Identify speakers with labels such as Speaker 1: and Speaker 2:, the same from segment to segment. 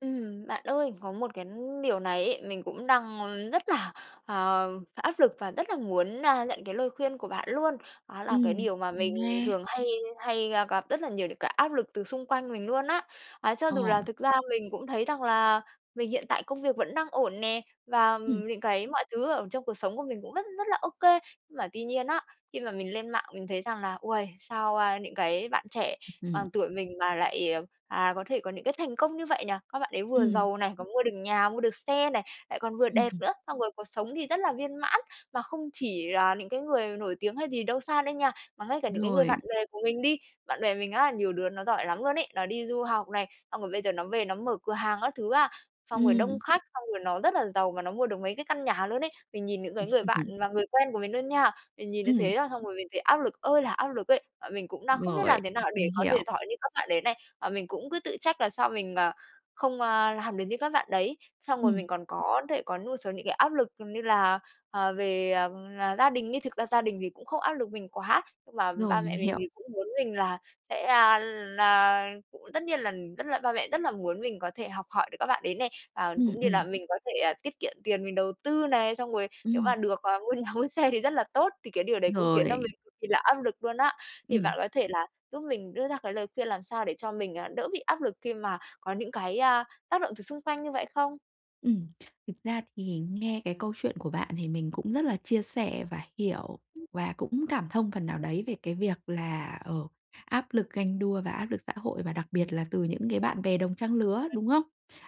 Speaker 1: Ừm, bạn ơi, có một cái điều này ấy, mình cũng đang rất là, ờ, áp lực và rất là muốn, a, nhận cái lời khuyên của bạn luôn. Đó là
Speaker 2: Ừm,
Speaker 1: cái điều mà
Speaker 2: mình
Speaker 1: mình
Speaker 2: nghe.
Speaker 1: thường hay hay gặp rất là nhiều những cái áp lực từ xung quanh mình luôn á. A, cho dù
Speaker 2: Ồ.
Speaker 1: là thực ra mình cũng thấy rằng là mình hiện tại công việc vẫn đang ổn nè và
Speaker 2: Ừm.
Speaker 1: những cái mọi thứ ở trong cuộc sống của mình cũng rất rất là ô kê. Nhưng mà tuy nhiên á, khi mà mình lên mạng mình thấy rằng là "Uầy, sao, a, những cái bạn trẻ bằng tuổi mình mà lại, ờ, à, có thể có những cái thành công như vậy nhỉ? Các bạn ấy vừa
Speaker 2: Ừm.
Speaker 1: giàu này, còn mua được nhà, mua được xe này, lại còn vừa đẹp
Speaker 2: Ừm.
Speaker 1: nữa, xong rồi cuộc sống thì rất là viên mãn." Mà không chỉ là những cái người nổi tiếng hay gì đâu xa đâu nha, mà ngay cả những cái người
Speaker 2: Rồi.
Speaker 1: bạn bè của mình đi, bạn bè mình á, nhiều đứa nó giỏi lắm luôn ấy, nó đi du học này, xong rồi bây giờ nó về nó mở cửa hàng các thứ á, xong rồi đông
Speaker 2: Ừm.
Speaker 1: khách, xong rồi nó rất là giàu và nó mua được mấy cái căn nhà luôn ấy. Mình nhìn những cái người bạn và người quen của mình luôn nha, mình nhìn như
Speaker 2: Ừm.
Speaker 1: thế á, xong rồi mình thấy áp lực ơi là áp lực ấy. Và mình cũng đang không biết
Speaker 2: Rồi,
Speaker 1: làm thế nào để
Speaker 2: mình
Speaker 1: có thể
Speaker 2: hiểu.
Speaker 1: giỏi như các bạn đấy này, và mình cũng cứ tự trách là sao mình, à, không, a, làm được như các bạn đấy. Xong rồi mình
Speaker 2: Ừm.
Speaker 1: còn có thể có một số những cái áp lực như là, ờ, về là gia đình, nhưng thực ra gia đình thì cũng không áp lực mình quá, nhưng mà
Speaker 2: Rồi,
Speaker 1: ba
Speaker 2: mình
Speaker 1: mẹ mình
Speaker 2: hiểu.
Speaker 1: thì cũng muốn mình là sẽ, a, là cũng tất nhiên là, ừm, rất là ba mẹ rất là muốn mình có thể học hỏi được các bạn đấy này, à,
Speaker 2: Ừm,
Speaker 1: cũng như là
Speaker 2: ừm.
Speaker 1: mình có thể tiết kiệm tiền, mình đầu tư này, xong rồi nếu
Speaker 2: Ừm.
Speaker 1: mà được, ờ, mua nhà mua xe thì rất là tốt, thì cái điều đấy cũng khiến cho
Speaker 2: Rồi.
Speaker 1: mình cực kỳ là áp lực luôn á. Thì bạn
Speaker 2: Ừm.
Speaker 1: có thể là giúp mình đưa ra cái lời khuyên làm sao để cho mình, à, đỡ bị áp lực khi mà có những cái, a, tác động từ xung quanh như vậy không?
Speaker 2: Ừm, thực ra thì nghe cái câu chuyện của bạn thì mình cũng rất là chia sẻ và hiểu
Speaker 1: Ừm, ừm.
Speaker 2: và cũng cảm thông phần nào đấy về cái việc là, ờ, áp lực ganh đua và áp lực xã hội và đặc biệt là từ những cái bạn bè đồng trang lứa,
Speaker 1: Ừ.
Speaker 2: đúng không?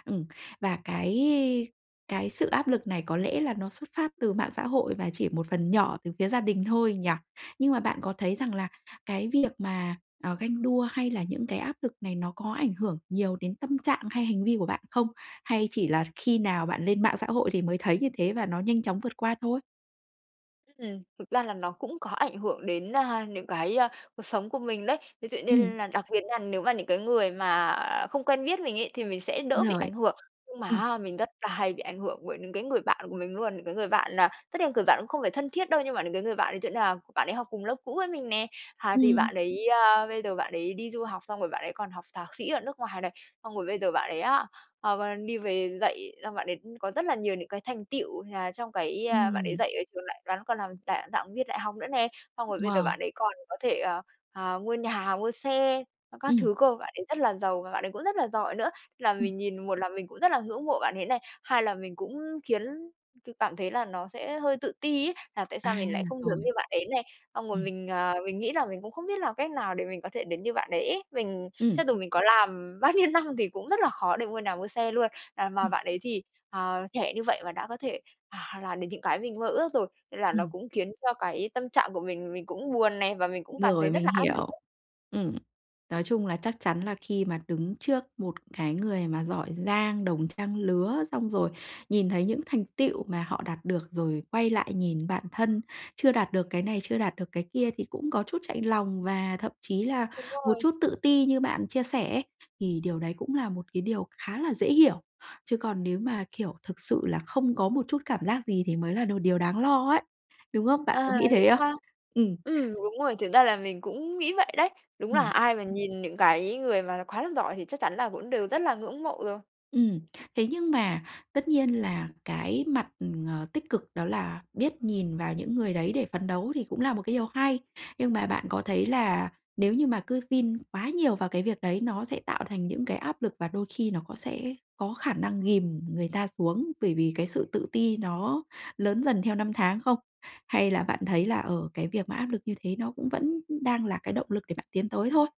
Speaker 2: Ừm, và cái cái sự áp lực này có lẽ là nó xuất phát từ mạng xã hội và chỉ một phần nhỏ từ phía gia đình thôi nhỉ? Nhưng mà bạn có
Speaker 1: [unintelligible]
Speaker 2: thấy rằng là cái việc mà, à, ganh đua hay là những cái áp lực này nó có ảnh hưởng nhiều đến tâm trạng hay hành vi của bạn không? Hay chỉ là khi nào bạn lên mạng xã hội thì mới thấy như thế và nó nhanh chóng vượt qua thôi?
Speaker 1: Ừm, thực ra là nó cũng có ảnh hưởng đến, à, những cái, à, cuộc sống của mình đấy. Ví dụ như
Speaker 2: Ừm.
Speaker 1: là đặc biệt nha nếu mà những cái người mà, à, không quen biết mình ấy thì mình sẽ
Speaker 2: Đúng
Speaker 1: đỡ bị
Speaker 2: rồi.
Speaker 1: ảnh hưởng. Nhưng mà
Speaker 2: Ừm.
Speaker 1: á mình rất là hay bị ảnh hưởng bởi những cái người bạn của mình luôn, những cái người bạn là tất nhiên là người bạn cũng không phải thân thiết đâu nhưng mà những cái người bạn ấy sẽ là bạn ấy học cùng lớp cũ với mình nè. À, thì
Speaker 2: Ừm.
Speaker 1: bạn ấy, ơ, bây giờ bạn ấy đi du học xong rồi bạn ấy còn học thạc sĩ ở nước ngoài này, xong rồi bây giờ bạn ấy á, ờ, bạn đi về dạy, xong bạn ấy có rất là nhiều những cái thành tựu, là trong cái, à, bạn ấy
Speaker 2: Ừm.
Speaker 1: dạy ở trường đại bạn ấy còn làm cả giảng viên đại học nữa nè. Xong rồi bây giờ bạn
Speaker 2: Wow!
Speaker 1: ấy còn có thể, ờ, à, mua nhà, mua xe, ơ, các
Speaker 2: Ừm.
Speaker 1: thứ cơ, bạn ấy rất là giàu và bạn ấy cũng rất là giỏi nữa. Là
Speaker 2: Ừm.
Speaker 1: mình nhìn một là mình cũng rất là ngưỡng mộ bạn ấy này, hai là mình cũng khiến c cảm thấy là nó sẽ hơi tự ti ấy là tại
Speaker 2: À,
Speaker 1: sao mình lại không giống
Speaker 2: rồi.
Speaker 1: như bạn ấy này, xong rồi
Speaker 2: Ừm.
Speaker 1: mình, à, mình nghĩ là mình cũng không biết làm cách nào để mình có thể đến như bạn đấy ấy. Mình cho
Speaker 2: Ừm.
Speaker 1: dù mình có làm bao nhiêu năm thì cũng rất là khó để mua nhà mua xe luôn, à, mà
Speaker 2: Ừm.
Speaker 1: bạn ấy thì, à, trẻ như vậy mà đã có thể, à, làm đến những cái mình mơ ước rồi. Nên là nó
Speaker 2: Ừm.
Speaker 1: cũng khiến cho cái tâm trạng của mình mình cũng buồn nè và mình cũng cảm thấy
Speaker 2: Rồi,
Speaker 1: rất
Speaker 2: mình
Speaker 1: là áp lực
Speaker 2: hiểu.
Speaker 1: á.
Speaker 2: Ừm. Nói chung là chắc chắn là khi mà đứng trước một cái người mà giỏi giang, đồng trang lứa, xong rồi nhìn thấy những thành tựu mà họ đạt được rồi quay lại nhìn bạn thân, chưa đạt được cái này, chưa đạt được cái kia thì cũng có chút chạnh lòng, và thậm chí là
Speaker 1: Đúng
Speaker 2: một
Speaker 1: rồi.
Speaker 2: chút tự ti như bạn chia sẻ ấy. Thì điều đấy cũng là một cái điều khá là dễ hiểu, chứ còn nếu mà, kiểu, thực sự là không có một chút cảm giác gì thì mới là đồ điều đáng lo ấy, đúng không? Bạn
Speaker 1: À,
Speaker 2: có nghĩ
Speaker 1: vậy
Speaker 2: thế không?
Speaker 1: sao?
Speaker 2: Ừm.
Speaker 1: Ừm, đúng rồi, thực ra là mình cũng nghĩ vậy đấy. Đúng là
Speaker 2: Ừm.
Speaker 1: ai mà nhìn những cái người mà quá là giỏi thì chắc chắn là cũng đều rất là ngưỡng mộ rồi.
Speaker 2: Ừm. Thế nhưng mà tất nhiên là cái mặt, ờ, tích cực đó là biết nhìn vào những người đấy để phấn đấu thì cũng là một cái điều hay. Nhưng mà bạn có thấy là nếu như mà cứ vin quá nhiều vào cái việc đấy nó sẽ tạo thành những cái áp lực, và đôi khi nó có sẽ có khả năng ghìm người ta xuống, bởi vì cái sự tự ti nó lớn dần theo năm tháng không? Hay là bạn thấy là, ờ, cái việc mà áp lực như thế nó cũng vẫn đang là cái động lực để bạn tiến tới thôi?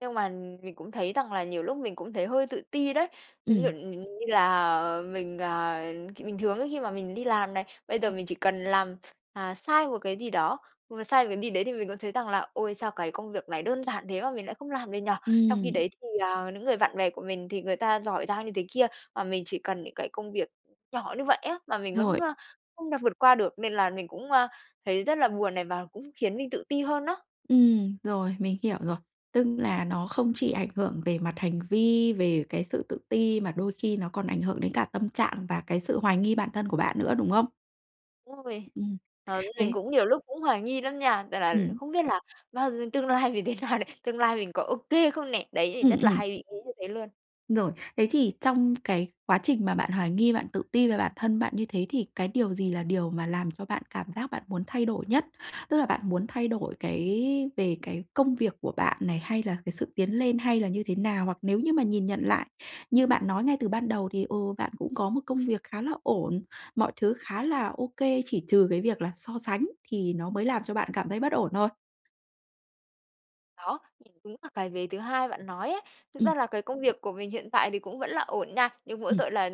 Speaker 1: Nhưng mà mình cũng thấy rằng là nhiều lúc mình cũng thấy hơi tự ti đấy. Ví dụ
Speaker 2: Ừm.
Speaker 1: nh như là, ờ, mình, ờ, th bình thường ấy khi mà mình đi làm này, bây giờ mình chỉ cần làm, ờ, sai một cái gì đó, mà sai một cái gì đấy thì mình cũng thấy rằng là "Ôi, sao cái công việc này đơn giản thế mà mình lại không làm được nhỉ?" Trong khi
Speaker 2: Ừm.
Speaker 1: đấy thì, ờ, những người bạn bè của mình thì người ta giỏi giang như thế kia, mà mình chỉ cần những cái công việc nhỏ như vậy á, mà mình vẫn,
Speaker 2: Rồi.
Speaker 1: à, không đạt vượt qua được, nên là mình cũng, à, thấy rất là buồn này và cũng khiến mình tự ti hơn đó.
Speaker 2: Ừm, rồi, mình hiểu rồi. Tức là nó không chỉ ảnh hưởng về mặt hành vi, về cái sự tự ti mà đôi khi nó còn ảnh hưởng đến cả tâm trạng và cái sự hoài nghi bản thân của bạn nữa, đúng không?
Speaker 1: Đúng rồi.
Speaker 2: Ừ,
Speaker 1: Ờ, nên mình
Speaker 2: thế
Speaker 1: cũng nhiều lúc cũng hoài nghi lắm nha, rằng là
Speaker 2: Ừm.
Speaker 1: không biết là bao g tương lai mình thế nào này? Tương lai mình có OK không nè? Đấy thì
Speaker 2: Ừm,
Speaker 1: rất là
Speaker 2: ừm.
Speaker 1: hay bị nghĩ như thế luôn.
Speaker 2: Rồi. Thế thì trong cái quá trình mà bạn hoài nghi, bạn tự ti về bản thân bạn như thế thì cái điều gì là điều mà làm cho bạn cảm giác bạn muốn thay đổi nhất? Tức là bạn muốn thay đổi cái về cái công việc của bạn này, hay là cái sự tiến lên, hay là như thế nào? Hoặc nếu như mà nhìn nhận lại, như bạn nói ngay từ ban đầu thì, ừ, bạn cũng có một công việc khá là ổn, mọi thứ khá là OK, chỉ trừ cái việc là so sánh thì nó mới làm cho bạn cảm thấy bất ổn thôi?
Speaker 1: Đó, thì đúng là cái vế thứ hai bạn nói ấy. Thực
Speaker 2: Ừm.
Speaker 1: ra là cái công việc của mình hiện tại thì cũng vẫn là ổn nha, nhưng mỗi
Speaker 2: Ừm.
Speaker 1: tội là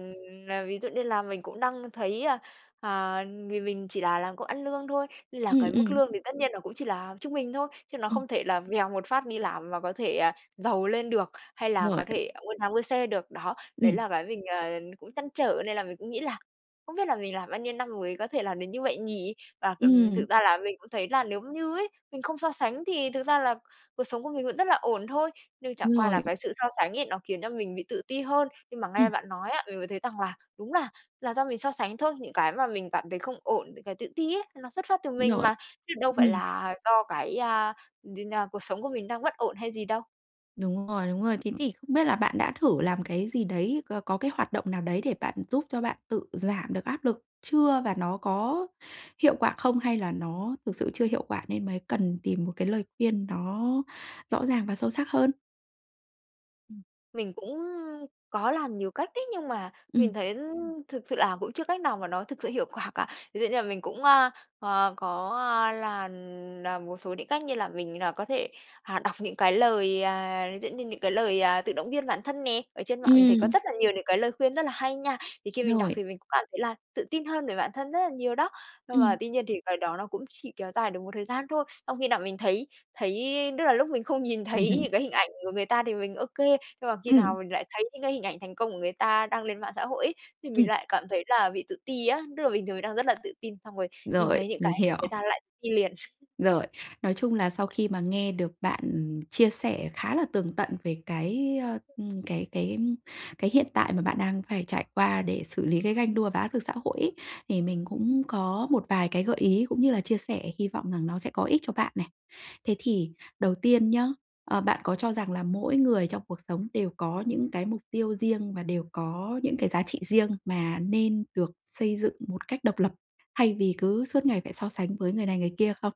Speaker 1: là ví dụ như là mình cũng đang thấy, ơ, à, vì mình chỉ là làm công ăn lương thôi, là
Speaker 2: Ừm,
Speaker 1: cái mức
Speaker 2: ừm.
Speaker 1: lương thì tất nhiên nó cũng chỉ là trung bình thôi, chứ nó
Speaker 2: Ừm.
Speaker 1: không thể là vèo một phát đi làm mà có thể, à, giàu lên được, hay là
Speaker 2: Rồi.
Speaker 1: có thể mua nhà mua xe được, đó. Đấy
Speaker 2: Ừm.
Speaker 1: là cái mình, ờ, cũng trăn trở nên là mình cũng nghĩ là không biết là mình làm bao nhiêu năm mới có thể làm đến như vậy nhỉ? Và, ừ,
Speaker 2: Ừm.
Speaker 1: thực ra là mình cũng thấy là nếu như ấy, mình không so sánh thì thực ra là cuộc sống của mình vẫn rất là ổn thôi, nhưng chẳng
Speaker 2: Đúng
Speaker 1: qua là
Speaker 2: rồi.
Speaker 1: cái sự so sánh ấy nó khiến cho mình bị tự ti hơn. Nhưng mà nghe
Speaker 2: Ừm.
Speaker 1: bạn nói á, mình mới thấy rằng là đúng là là do mình so sánh thôi, những cái mà mình cảm thấy không ổn, những cái tự ti ấy, nó xuất phát từ mình
Speaker 2: Rồi.
Speaker 1: mà, chứ đâu phải
Speaker 2: Ừm.
Speaker 1: là do cái, a, gì nhỉ, cuộc sống của mình đang bất ổn hay gì đâu.
Speaker 2: Đúng rồi, đúng rồi. Thế thì không biết là bạn đã thử làm cái gì đấy, có có cái hoạt động nào đấy để bạn giúp cho bạn tự giảm được áp lực chưa và nó có hiệu quả không? Hay là nó thực sự chưa hiệu quả nên mới cần tìm một cái lời khuyên nó rõ ràng và sâu sắc hơn? e Ừm.
Speaker 1: Mình cũng có làm nhiều cách đấy, nhưng mà mình
Speaker 2: Ừm.
Speaker 1: thấy thực sự là cũng chưa cách nào mà nó thực sự hiệu quả cả. Ví dụ như là mình cũng, a, ờ, có, a, là làm một số những cách như là mình, à, có thể, à, đọc những cái lời, à, giống như những cái lời, à, tự động viên bản thân nè, ở trên mạng mình thấy có
Speaker 2: Ừm.
Speaker 1: rất là nhiều những cái lời khuyên rất là hay nha. Thì khi mình đọc
Speaker 2: Rồi.
Speaker 1: thì mình cũng cảm thấy là tự tin hơn về bản thân rất là nhiều đó. Nhưng mà
Speaker 2: Ừm.
Speaker 1: tuy nhiên thì cái đó nó cũng chỉ kéo dài được một thời gian thôi. Xong khi nào mình thấy thấy tức là lúc mình không nhìn thấy
Speaker 2: Ừm.
Speaker 1: những cái hình ảnh của người ta thì mình OK, nhưng mà khi nào
Speaker 2: Ừm.
Speaker 1: mình lại thấy những cái hình ảnh thành công của người ta đăng lên mạng xã hội ấy, thì mình
Speaker 2: Ừm.
Speaker 1: lại cảm thấy là bị tự ti á, tức là bình thường mình đang rất là tự tin, xong rồi nhìn
Speaker 2: Rồi,
Speaker 1: thấy những cái
Speaker 2: mình hiểu.
Speaker 1: người ta lại tự ti liền.
Speaker 2: Rồi. Nói chung là sau khi mà nghe được bạn chia sẻ khá là tường tận về cái, ơ, ừm, cái cái cái hiện tại mà bạn đang phải trải qua để xử lý cái ganh đua và áp lực xã hội ấy thì mình cũng
Speaker 1: [unintelligible]
Speaker 2: có một vài cái gợi ý cũng như là chia sẻ, hy vọng rằng nó sẽ có ích cho bạn nè. Thế thì đầu tiên nhá, à, bạn có cho rằng là mỗi người trong cuộc sống đều có những cái mục tiêu riêng và đều có những cái giá trị riêng mà nên được xây dựng một cách độc lập, thay vì cứ suốt ngày phải so sánh với người này người kia không?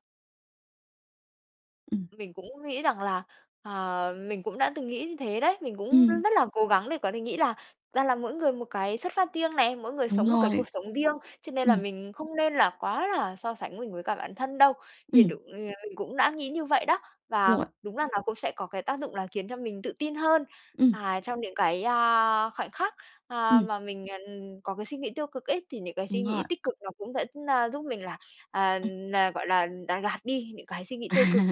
Speaker 2: Ừm.
Speaker 1: Mình cũng nghĩ rằng là, ờ, mình cũng đã từng nghĩ như thế đấy. Mình cũng
Speaker 2: Ừm.
Speaker 1: rất là cố gắng để có thể nghĩ là ra là mỗi người một cái xuất phát riêng này, mỗi người
Speaker 2: Đúng
Speaker 1: sống một cái
Speaker 2: rồi.
Speaker 1: cuộc sống riêng, cho nên là
Speaker 2: Ừm.
Speaker 1: mình không nên là quá là so sánh mình với cả bản thân đâu. Thì
Speaker 2: Ừm.
Speaker 1: đụng ng cũng đã nghĩ như vậy đó! Và
Speaker 2: Rồi.
Speaker 1: đúng là nó cũng sẽ có cái tác dụng là khiến cho mình tự tin hơn
Speaker 2: Ừm.
Speaker 1: và trong những cái, a, khoảnh khắc, a,
Speaker 2: Ừm.
Speaker 1: mà mình, à, ừm, có cái suy nghĩ tiêu cực ấy thì những cái suy
Speaker 2: Đúng
Speaker 1: nghĩ
Speaker 2: rồi.
Speaker 1: tích cực nó cũng vẫn, a, giúp mình là, à,
Speaker 2: Ừm.
Speaker 1: nà gọi là là gạt đi những cái suy nghĩ
Speaker 2: À,
Speaker 1: tiêu cực.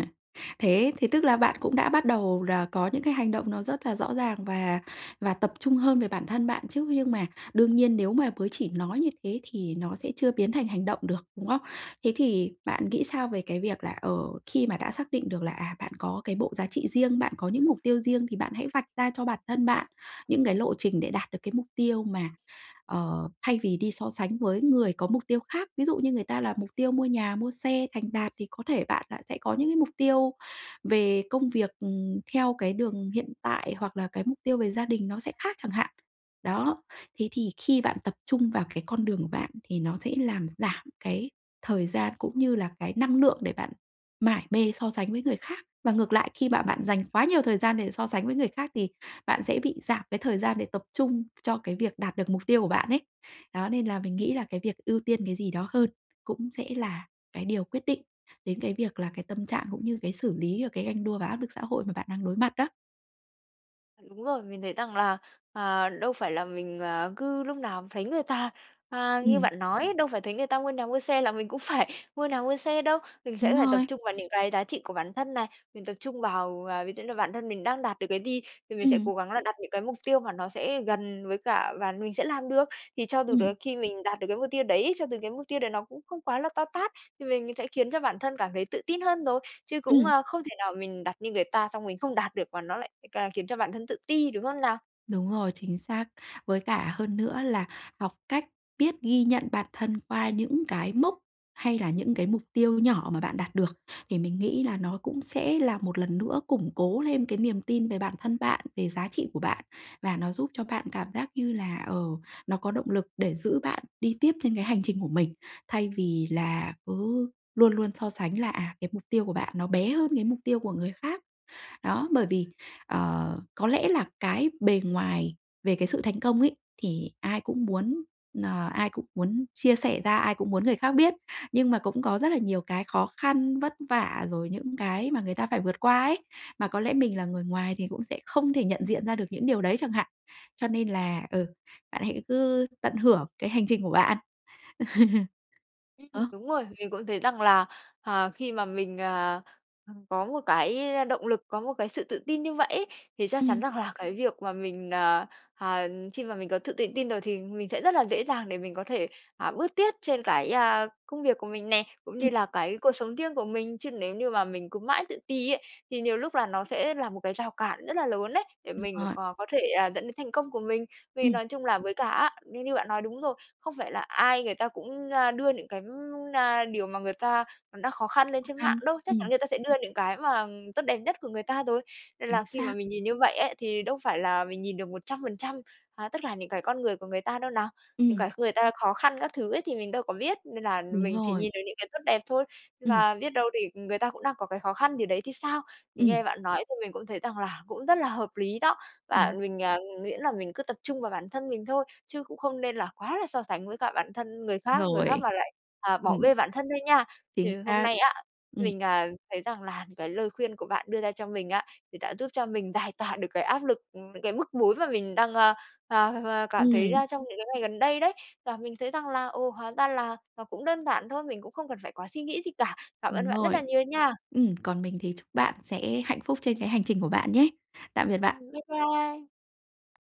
Speaker 2: thế thì tức là bạn cũng đã bắt đầu là có những cái hành động nó rất là rõ ràng và và tập trung hơn về bản thân bạn chứ! Nhưng mà đương nhiên nếu mà bới chỉ nói như thế thì nó sẽ chưa biến thành hành động được, đúng không? Thế thì bạn nghĩ sao về cái việc là, ờ, khi mà đã xác định được là, à, bạn có cái bộ giá trị riêng, bạn có những mục tiêu riêng, thì bạn hãy vạch ra cho bản thân bạn những cái lộ trình để đạt được cái mục tiêu mà, ờ, thay vì đi so sánh với người có mục tiêu khác? Ví dụ như người ta là mục tiêu mua nhà, mua xe, thành đạt thì có thể bạn đã sẽ có những cái mục tiêu về công việc, ừm, theo cái đường hiện tại hoặc là cái mục tiêu về gia đình nó sẽ khác chẳng hạn. Đó, thế thì khi bạn tập trung vào cái con đường của bạn thì nó sẽ làm giảm cái thời gian cũng như là cái năng lượng để bạn mải mê so sánh với người khác. Và ngược lại, khi mà bạn dành quá nhiều thời gian để so sánh với người khác thì bạn sẽ bị giảm cái thời gian để tập trung cho cái việc đạt được mục tiêu của bạn ấy. Đó, nên là mình nghĩ là cái việc ưu tiên cái gì đó hơn cũng sẽ là cái điều quyết định đến cái việc là cái tâm trạng, cũng như cái xử lý và cái ganh đua và áp lực xã hội mà bạn đang đối mặt đó.
Speaker 1: Đúng rồi, mình thấy rằng là, à, đâu phải là mình, ờ, cứ lúc nào thấy người ta à, ngư
Speaker 2: Ừm.
Speaker 1: bạn nói, đâu phải thấy người ta mua nhà, mua xe là mình cũng phải mua nà, mua xe đâu. Mình sẽ
Speaker 2: Đúng
Speaker 1: phải tập
Speaker 2: rồi.
Speaker 1: trung vào những cái giá trị của bản thân này. Mình tập trung vào ờ, ví dụ như bản thân mình đang đạt được cái gì thì mình sẽ
Speaker 2: Ừm.
Speaker 1: cố gắng là đặt những cái mục tiêu mà nó sẽ gần với cả và mình sẽ làm được. Thì cho dù
Speaker 2: Ừm.
Speaker 1: tới khi mình đạt được cái mục tiêu đấy cho từ cái mục tiêu đấy nó cũng không quá là to tát. Thì mình sẽ khiến cho bản thân cảm thấy tự tin hơn rồi. Chứ cũng,
Speaker 2: Ừm.
Speaker 1: ơ, không thể nào mình đặt như người ta xong mình không đạt được và nó lại ca khiến cho bản thân tự ti, đúng không nào?
Speaker 2: Đúng rồi, chính xác. Với cả hơn nữa là học cách biết ghi nhận bản thân qua những cái mốc hay là những cái mục tiêu nhỏ mà bạn đạt được, thì mình nghĩ là nó cũng sẽ là một lần nữa củng cố lên cái niềm tin về bản thân bạn, về giá trị của bạn. Và nó giúp cho bạn cảm giác như là, ờ, nó có động lực để giữ bạn đi tiếp trên cái hành trình của mình. Thay vì là cứ luôn luôn so sánh là, à, cái mục tiêu của bạn nó bé hơn cái mục tiêu của người khác. Đó, bởi vì, ờ, có lẽ là cái bề ngoài về cái sự thành công ấy thì ai cũng muốn, nờ, ai cũng muốn chia sẻ ra, ai cũng muốn người khác biết. Nhưng mà cũng có rất là nhiều cái khó khăn, vất vả, rồi những cái mà người ta phải vượt qua ấy. Mà có lẽ mình là người ngoài thì cũng sẽ không thể nhận diện ra được những điều đấy chẳng hạn. Cho nên
Speaker 1: À.
Speaker 2: là ừ, bạn hãy cứ tận hưởng cái hành trình của bạn.
Speaker 1: Ừm,
Speaker 2: Ớ.
Speaker 1: đúng rồi. Mình cũng thấy rằng là, ờ, khi mà mình, ờ, ừm, có một cái động lực, có một cái sự tự tin như vậy ấy thì chắc chắn
Speaker 2: Ừm.
Speaker 1: rằng là cái việc mà mình, à, à, khi mà mình có thự tự tin rồi thì mình sẽ rất là dễ dàng để mình có thể, à, bước tiết trên cái, a, công việc của mình nè, cũng
Speaker 2: Ừm.
Speaker 1: như là cái cuộc sống riêng của mình. Chứ nếu như mà mình cứ mãi tự ti ấy thì nhiều lúc là nó sẽ là một cái rào cản rất là lớn đấy, để
Speaker 2: Đúng
Speaker 1: mình
Speaker 2: rồi.
Speaker 1: cò có thể, ờ, dẫn đến thành công của mình. Vì
Speaker 2: Ừm.
Speaker 1: nói chung là với cả á như như bạn nói đúng rồi, không phải là ai người ta cũng, a, đưa những cái, ưm, na, điều mà người ta đã khó khăn lên
Speaker 2: Khó
Speaker 1: trên mạng
Speaker 2: khăn,
Speaker 1: đâu. Chắc chắn
Speaker 2: ừm.
Speaker 1: người ta sẽ đưa những cái mà tốt đẹp nhất của người ta rồi. Nên
Speaker 2: Chính
Speaker 1: là khi mà
Speaker 2: xác.
Speaker 1: mình nhìn như vậy ấy thì đâu phải là mình nhìn được 100% à, tất cả những cái con người của người ta đâu nào. Những
Speaker 2: Ừm.
Speaker 1: cái kh người ta khó khăn các thứ ấy thì mình đâu có biết. Nên là
Speaker 2: Đúng
Speaker 1: mình chỉ
Speaker 2: rồi.
Speaker 1: nhìn được những cái tốt đẹp thôi. Nên
Speaker 2: Ừm.
Speaker 1: là biết đâu đì người ta cũng đang có cái khó khăn gì đấy thì sao? Thì
Speaker 2: Ừm.
Speaker 1: nghe bạn nói thì mình cũng thấy rằng là cũng rất là hợp lý đó. Và
Speaker 2: Ừm.
Speaker 1: mình, à, nguyễn là mình cứ tập trung vào bản thân mình thôi, chứ cũng không nên là quá là so sánh với cả bản thân người khác người khác
Speaker 2: Rồi.
Speaker 1: mà lại, à, bỏ
Speaker 2: Ừm.
Speaker 1: bê bản thân thôi nha.
Speaker 2: Chính
Speaker 1: Thì hôm
Speaker 2: xác.
Speaker 1: nay á,
Speaker 2: Ừm.
Speaker 1: mình, à, thấy rằng là cái lời khuyên của bạn đưa ra cho mình á, thì đã giúp cho mình giải tỏa được cái áp lực, ừm, cái bức bối mà mình đang, a a a cảm thấy,
Speaker 2: Ừm.
Speaker 1: a, trong những cái ngày gần đây đấy. Và mình thấy rằng là, ồ hóa ra là nó cũng đơn giản thôi, mình cũng không cần phải quá suy nghĩ gì cả. Cảm ơn
Speaker 2: Đúng
Speaker 1: bạn rất là
Speaker 2: rồi.
Speaker 1: nhiều nha.
Speaker 2: Ừm, còn mình thì chúc bạn sẽ hạnh phúc trên cái hành trình của bạn nhé. Tạm biệt
Speaker 1: Ừm,
Speaker 2: bạn.
Speaker 1: bái bai.